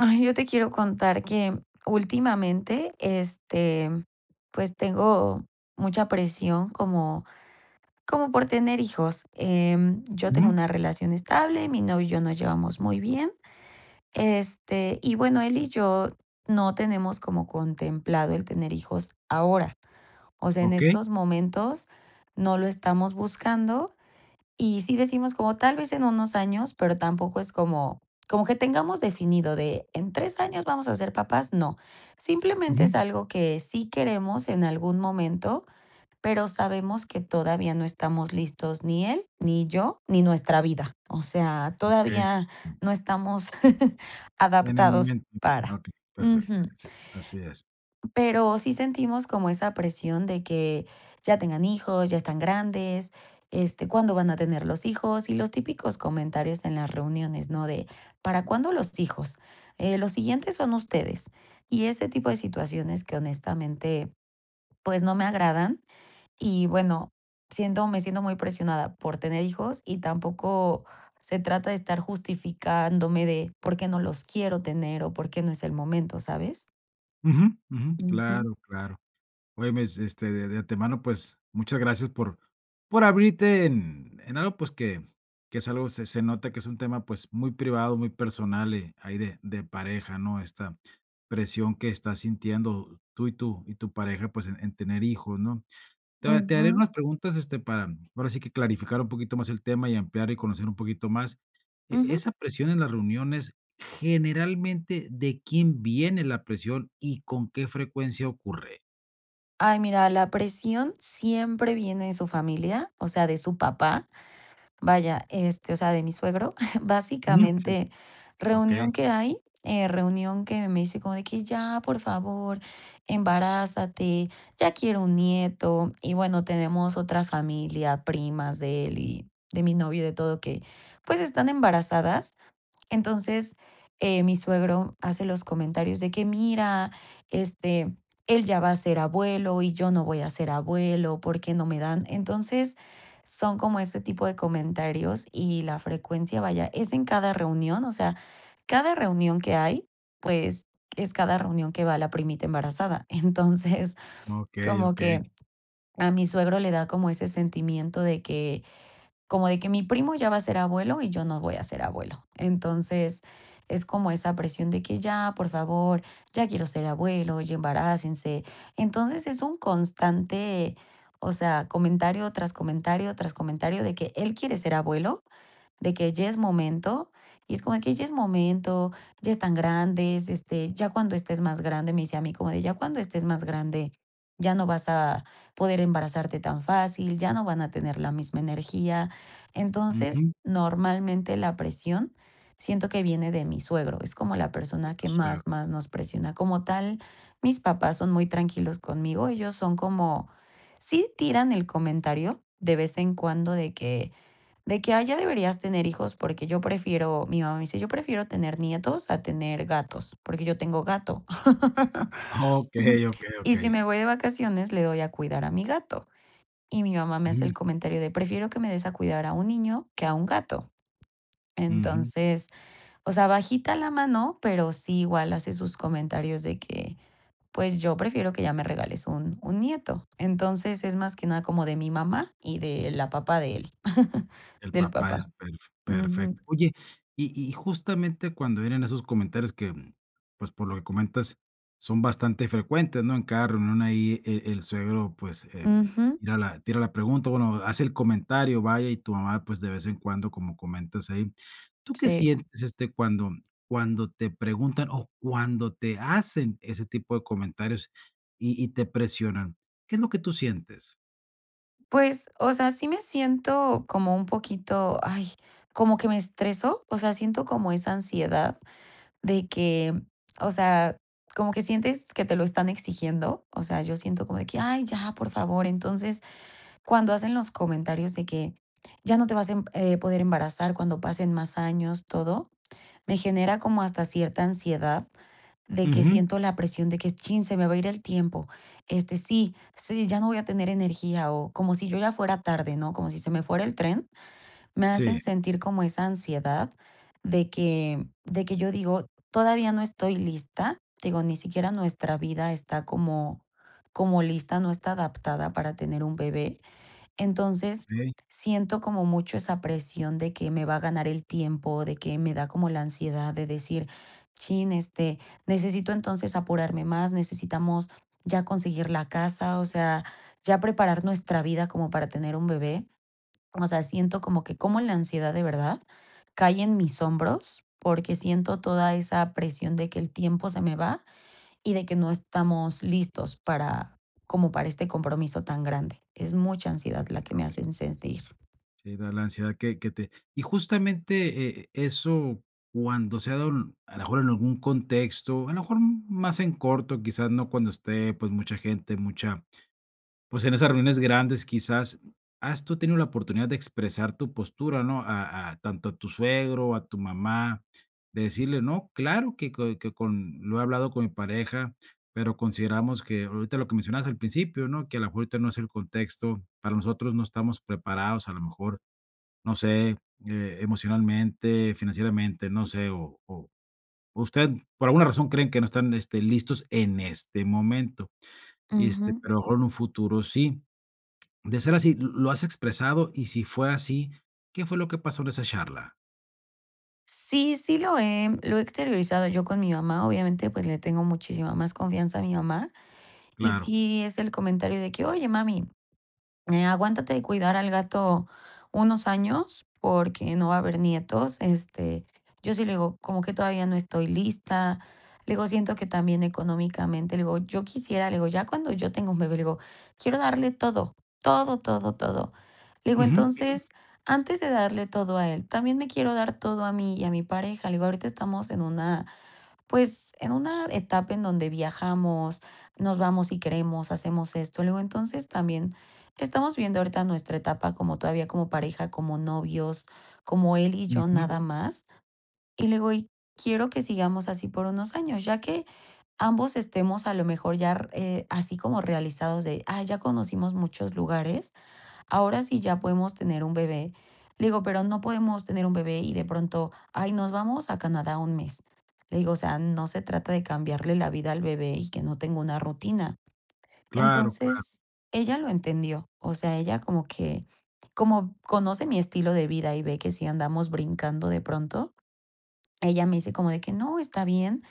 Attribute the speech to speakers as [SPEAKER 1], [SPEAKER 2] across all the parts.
[SPEAKER 1] Ay, yo te quiero contar que últimamente, este, pues, tengo mucha presión como como por tener hijos. Em, yo tengo
[SPEAKER 2] Ujú.
[SPEAKER 1] una relación estable, mi novio y yo nos llevamos muy bien. Este, y bueno, él y yo no tenemos como contemplado el tener hijos ahora. O sea, en
[SPEAKER 2] Okey.
[SPEAKER 1] estos momentos no lo estamos buscando, y sí decimos como tal vez en unos años, pero tampoco es como como que tengamos definido de en 3 años vamos a ser papás, no. Simplemente es
[SPEAKER 2] Ujú.
[SPEAKER 1] algo que sí queremos en algún momento, pero sabemos que todavía no estamos listos ni él, ni yo, ni nuestra vida. O sea,
[SPEAKER 2] Okey.
[SPEAKER 1] todavía no estamos
[SPEAKER 2] En el
[SPEAKER 1] adaptados
[SPEAKER 2] momento Ah,
[SPEAKER 1] para
[SPEAKER 2] okey. Perfecto.
[SPEAKER 1] Ujú.
[SPEAKER 2] Sí. Así es.
[SPEAKER 1] Pero sí sentimos como esa presión de que: "Ya tengan hijos, ya están grandes, este, cuándo van a tener los hijos", y los típicos comentarios en las reuniones, ¿no? De, ¿para cuándo los hijos? Eh, los siguientes son ustedes, y ese tipo de situaciones que honestamente, pues, no me agradan. Y bueno, siento me siento muy presionada por tener hijos, y tampoco se trata de estar justificándome de, por qué no los quiero tener, o, por qué no es el momento, ¿sabes?
[SPEAKER 2] Ujú, ujú.
[SPEAKER 1] Ujú.
[SPEAKER 2] Claro, claro. Oye, mes este, de de antemano, pues, muchas gracias por por abrirte en en algo, pues, que que es algo, se se nota que es un tema, pues, muy privado, muy personal, y ahí de de pareja, ¿no? Esta presión que estás sintiendo tú, y tú y tu pareja, pues, en en tener hijos, ¿no? Te ha te haré
[SPEAKER 1] Ujú.
[SPEAKER 2] unas preguntas, este, para ahora sí que clarificar un poquito más el tema, y ampliar, y conocer un poquito más. E
[SPEAKER 1] Ujú.
[SPEAKER 2] esa presión en las reuniones, generalmente, ¿de quién viene la presión y con qué frecuencia ocurre?
[SPEAKER 1] Ay, mira, la presión siempre viene de su familia, o sea, de su papá, vaya, este, o sea, de mi suegro.
[SPEAKER 2] Ujú. Sí.
[SPEAKER 1] Básicamente,
[SPEAKER 2] Okey.
[SPEAKER 1] reunión que hay, eh, reunión que me dice como de que: "Ya, por favor, embarázate, ya quiero un nieto". Y bueno, tenemos otra familia, primas de él y de mi novio, de todo que, pues, están embarazadas. Entonces, eh, mi suegro hace los comentarios de que: "Mira, este, él ya va a ser abuelo y yo no voy a ser abuelo, ¿por qué no me dan?". Entonces, son como ese tipo de comentarios y la frecuencia, vaya, es en cada reunión, o sea, cada reunión que hay, pues, es cada reunión que va la primita embarazada. Entonces,
[SPEAKER 2] Okey,
[SPEAKER 1] como
[SPEAKER 2] okey.
[SPEAKER 1] que a mi suegro le da como ese sentimiento de que como de que mi primo ya va a ser abuelo, y yo no voy a ser abuelo. Entonces, es como esa presión de que: "Ya, por favor, ya quiero ser abuelo, ya embarácense". Entonces, es un constante, o sea, comentario, tras comentario, tras comentario de que él quiere ser abuelo, de que ya es momento. Y es como de que: "Ya es momento, ya están grandes, este, ya cuando estés más grande", me dice a mí, como de: "Ya cuando estés más grande, ya no vas a poder embarazarte tan fácil, ya no van a tener la misma energía". Entonces,
[SPEAKER 2] Ujú.
[SPEAKER 1] normalmente la presión siento que viene de mi suegro, es como la
[SPEAKER 2] De
[SPEAKER 1] persona
[SPEAKER 2] tu
[SPEAKER 1] que
[SPEAKER 2] suegro.
[SPEAKER 1] más más nos presiona. Como tal, mis papás son muy tranquilos conmigo, ellos son como sí tiran el comentario de vez en cuando de que de que ya deberías tener hijos porque yo prefiero, mi mamá me dice: "Yo prefiero tener nietos a tener gatos", porque yo tengo gato.
[SPEAKER 2] Okey, okey,
[SPEAKER 1] Y si
[SPEAKER 2] okey.
[SPEAKER 1] me voy de vacaciones le doy a cuidar a mi gato, y mi mamá me hace
[SPEAKER 2] Ujú.
[SPEAKER 1] el comentario de: "Prefiero que me des a cuidar a un niño que a un gato".
[SPEAKER 2] Ujú.
[SPEAKER 1] Entonces, o sea, bajita la mano, pero sí igual hace sus comentarios de que, pues yo prefiero que ya me regales un un nieto. Entonces es más que nada como de mi mamá y de la papá de él,
[SPEAKER 2] El
[SPEAKER 1] del
[SPEAKER 2] papá, el
[SPEAKER 1] papá.
[SPEAKER 2] elf perfecto.
[SPEAKER 1] Ujú.
[SPEAKER 2] Oye, y y justamente cuando vienen esos comentarios que, mm, pues, por lo que comentas, son bastante frecuentes, ¿no? En cada reunión ahí e el suegro, pues, em,
[SPEAKER 1] Ujú.
[SPEAKER 2] tira la tira la pregunta, o, bueno, hace el comentario, vaya, y tu mamá, pues, de vez en cuando, como comentas ahí. ¿Tú qué
[SPEAKER 1] Sí.
[SPEAKER 2] sientes, este, cuando cuando te preguntan o cuando te hacen ese tipo de comentarios, y y te presionan? ¿Qué es lo que tú sientes?
[SPEAKER 1] Pues, o sea, sí me siento como un poquito, ay, como que me estresó, o sea, siento como esa ansiedad de que, o sea, como que sientes que te lo están exigiendo, o sea, yo siento como de que, ay, ya, por favor. Entonces, cuando hacen los comentarios de que: "Ya no te vas, em, eh, poder embarazar cuando pasen más años", todo, me genera como hasta cierta ansiedad de que
[SPEAKER 2] Ujú.
[SPEAKER 1] siento la presión de que chin, se me va a ir el tiempo. Este, sí, sí, ya no voy a tener energía, o, como si yo ya fuera tarde, ¿no?, como si se me fuera el tren. Me hacen
[SPEAKER 2] Sí.
[SPEAKER 1] sentir como esa ansiedad de que, de que yo digo todavía no estoy lista. Digo, ni siquiera nuestra vida está como como lista, no está adaptada para tener un bebé. Entonces,
[SPEAKER 2] Okey.
[SPEAKER 1] siento como mucho esa presión de que me va a ganar el tiempo, de que me da como la ansiedad de decir: "Chin, este, necesito entonces apurarme más, necesitamos ya conseguir la casa, o sea, ya preparar nuestra vida como para tener un bebé". O sea, siento como que cómo la ansiedad de verdad cae en mis hombros, porque siento toda esa presión de que el tiempo se me va, y de que no estamos listos para, como para este compromiso tan grande. Es mucha ansiedad
[SPEAKER 2] Ese
[SPEAKER 1] la que me
[SPEAKER 2] compromiso.
[SPEAKER 1] hacen sentir.
[SPEAKER 2] Sí, da la ansiedad que que te Y justamente, e eso cuando se ha dado, a lo mejor, en algún contexto, a lo mejor más en corto, quizás no cuando esté, pues, mucha gente, mucha pues, en esas reuniones grandes quizás, ¿has tú tenido la oportunidad de expresar tu postura, no? A a tanto a tu suegro, a tu mamá, de decirle: "No, claro que co que con lo he hablado con mi pareja, pero consideramos que ahorita" lo que mencionabas al principio, ¿no? "Que a lo mejor ahorita no es el contexto, para nosotros no estamos preparados", a lo mejor, no sé, eh, emocionalmente, financieramente, no sé, o o o usted, por alguna razón creen que no están, este, listos en este momento, y, este,
[SPEAKER 1] Ujú.
[SPEAKER 2] pero a lo mejor en un futuro sí. De ser así, ¿lo lo has expresado? Y si fue así, ¿qué fue lo que pasó en esa charla?
[SPEAKER 1] Sí, sí lo he, lo he exteriorizado yo con mi mamá. Obviamente, pues, le tengo muchísima más confianza a mi mamá. Y
[SPEAKER 2] Claro.
[SPEAKER 1] sí, es el comentario de que: "Oye, mami, eh, aguántate de cuidar al gato unos años porque no va a haber nietos". Este, yo sí le digo: "Como que todavía no estoy lista", le digo: "Siento que también económicamente", le digo: "Yo quisiera", le digo: "Ya cuando yo tenga un bebé", le digo: "Quiero darle todo, todo, todo, todo". Le digo:
[SPEAKER 2] Ujú.
[SPEAKER 1] "Entonces, antes de darle todo a él, también me quiero dar todo a mí y a mi pareja", le digo: "Ahorita estamos en una, pues, en una etapa en donde viajamos, nos vamos si queremos, hacemos esto". Le digo: "Entonces, también estamos viendo ahorita nuestra etapa como todavía como pareja, como novios, como él y yo
[SPEAKER 2] Ujú.
[SPEAKER 1] nada más", y le digo: "Y quiero que sigamos así por unos años, ya que ambos estemos a lo mejor yar eh, así como realizados de, ay, ya conocimos muchos lugares, ahora sí ya podemos tener un bebé". Le digo: "Pero no podemos tener un bebé y de pronto, ay, nos vamos a Canadá un mes". Le digo: "O sea, no se trata de cambiarle la vida al bebé y que no tenga una rutina".
[SPEAKER 2] Claro, claro.
[SPEAKER 1] Entonces, ella lo entendió. O sea, ella como que, como conoce mi estilo de vida y ve que sí andamos brincando de pronto, ella me dice como de que no, está bien.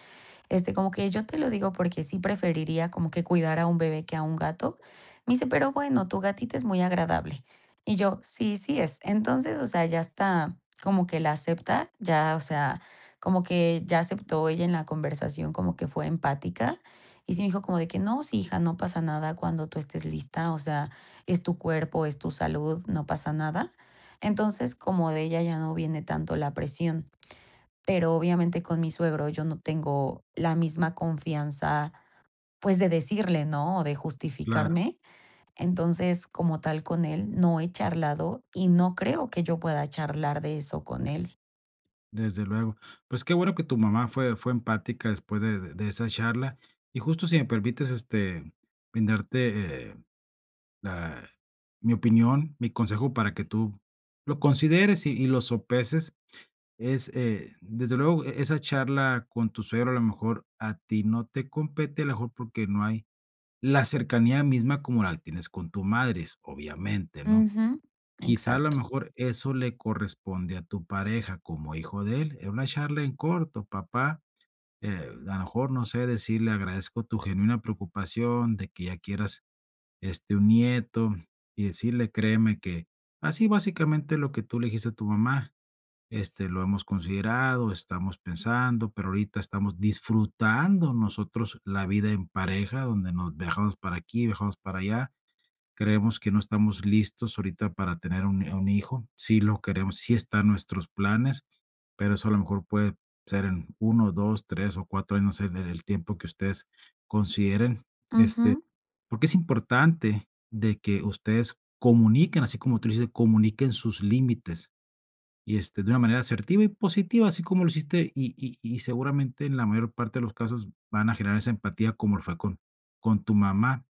[SPEAKER 1] Este, como que yo te lo digo porque sí preferiría como que cuidar a un bebé que a un gato. Me dice: "Pero, bueno, tu gatita es muy agradable". Y yo: "Sí, sí es". Entonces, o sea, ya está, como que la acepta, ya, o sea, como que ya aceptó ella en la conversación, como que fue empática. Y sí me dijo como de que: "No, sí, hija, no pasa nada cuando tú estés lista, o sea, es tu cuerpo, es tu salud, no pasa nada". Entonces, como de ella ya no viene tanto la presión. Pero, obviamente con mi suegro yo no tengo la misma confianza, pues de decirle, ¿no?, o de
[SPEAKER 2] Claro.
[SPEAKER 1] justificarme. Entonces, como tal con él no he charlado, y no creo que yo pueda charlar de eso con él.
[SPEAKER 2] Desde luego. Pues qué bueno que tu mamá fue fue empática después de de esa charla, y justo si me permites, este, brindarte, eh, la mi opinión, mi consejo para que tú lo consideres y y lo sopeses es, eh, desde luego, e esa charla con tu suegro, a lo mejor, a ti no te compete, a lo mejor, porque no hay la cercanía misma como la tienes con tu madre, obviamente, ¿no?,
[SPEAKER 1] Ujú.
[SPEAKER 2] quizá a lo
[SPEAKER 1] Exacto.
[SPEAKER 2] mejor eso le corresponde a tu pareja como hijo de él, es una charla en corto. Papá, eh, a lo mejor, no sé, decirle, agradezco tu genuina preocupación de que ya quieras, este, un nieto, y decirle créeme que, así básicamente lo que tú le dijiste a tu mamá, este, lo hemos considerado, estamos pensando, pero ahorita estamos disfrutando nosotros la vida en pareja, donde nos viajamos para aquí, viajamos para allá. Creemos que no estamos listos ahorita para tener un un hijo, sí lo queremos, sí está en nuestros planes, pero eso a lo mejor puede ser en 1, 2, 3 o 4 años, no sé, en en el tiempo que ustedes consideren. Este,
[SPEAKER 1] Ujú.
[SPEAKER 2] porque es importante de que ustedes comuniquen, así como tú dices, comuniquen sus límites y, este, de una manera asertiva y positiva, así como lo hiciste. Y y y seguramente, en la mayor parte de los casos van a generar esa empatía como lo fue con con tu mamá,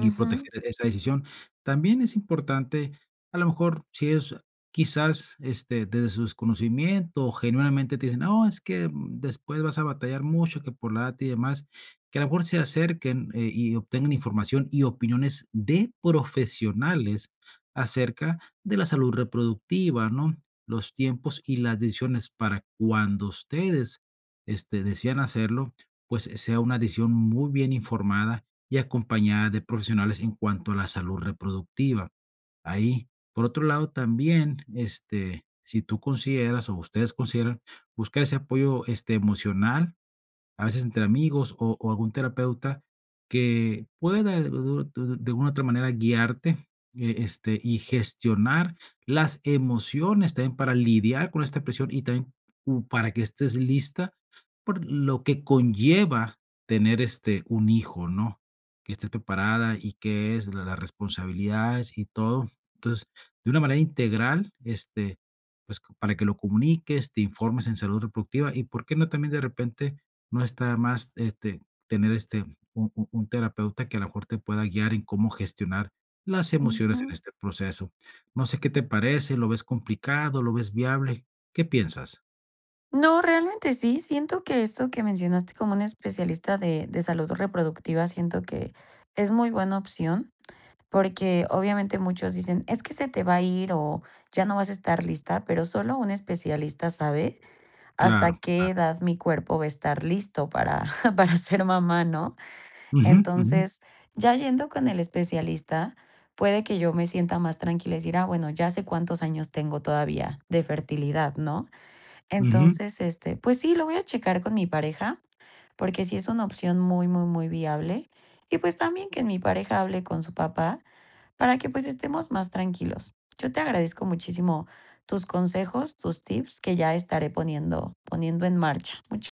[SPEAKER 2] y proteger esa decisión. También es importante, a lo mejor, si ellos quizás, este, desde su desconocimiento, genuinamente te dicen, no, es que después vas a batallar mucho, que por la data y demás, que a lo mejor se acerquen, eh, y obtengan información y opiniones de profesionales acerca de la salud reproductiva, ¿no?, los tiempos y las decisiones para cuando ustedes, este, desean hacerlo, pues, eh, sea una decisión muy bien informada y acompañada de profesionales en cuanto a la salud reproductiva. Ahí, por otro lado, también, este, si tú consideras, o ustedes consideran buscar ese apoyo, este, emocional, a veces entre amigos, o o algún terapeuta que pueda d d d de alguna otra manera guiarte, e este, y gestionar las emociones también para lidiar con esta presión y también, uh, para que estés lista por lo que conlleva tener, este, un hijo, ¿no?, que estés preparada y qué es la las responsabilidades y todo. Entonces, de una manera integral, este, pues, para que lo comuniques, te informes en salud reproductiva, y por qué no también de repente no está de más, este, tener, este, un un un terapeuta que a lo mejor te pueda guiar en cómo gestionar las emociones en
[SPEAKER 1] Ujú.
[SPEAKER 2] este proceso. No sé qué te parece, ¿lo ves complicado?, ¿lo ves viable?, ¿qué piensas?
[SPEAKER 1] No, realmente sí, siento que eso que mencionaste como un especialista de de salud reproductiva siento que es muy buena opción. Porque, obviamente, muchos dicen: "Es que se te va a ir o ya no vas a estar lista", pero, solo un especialista sabe hasta
[SPEAKER 2] Claro,
[SPEAKER 1] qué
[SPEAKER 2] claro.
[SPEAKER 1] edad mi cuerpo va a estar listo para para ser mamá, ¿no?,
[SPEAKER 2] Ujú, ujú.
[SPEAKER 1] entonces, ya yendo con el especialista, puede que yo me sienta más tranquila y decir: "Ah, bueno, ya sé cuántos años tengo todavía de fertilidad", ¿no?,
[SPEAKER 2] Ujú.
[SPEAKER 1] entonces, este, pues sí, lo voy a checar con mi pareja porque sí es una opción muy, muy, muy viable y pues también que mi pareja hable con su papá para que, pues, estemos más tranquilos. Yo te agradezco muchísimo tus consejos, tus tips que ya estaré poniendo poniendo en marcha, mucha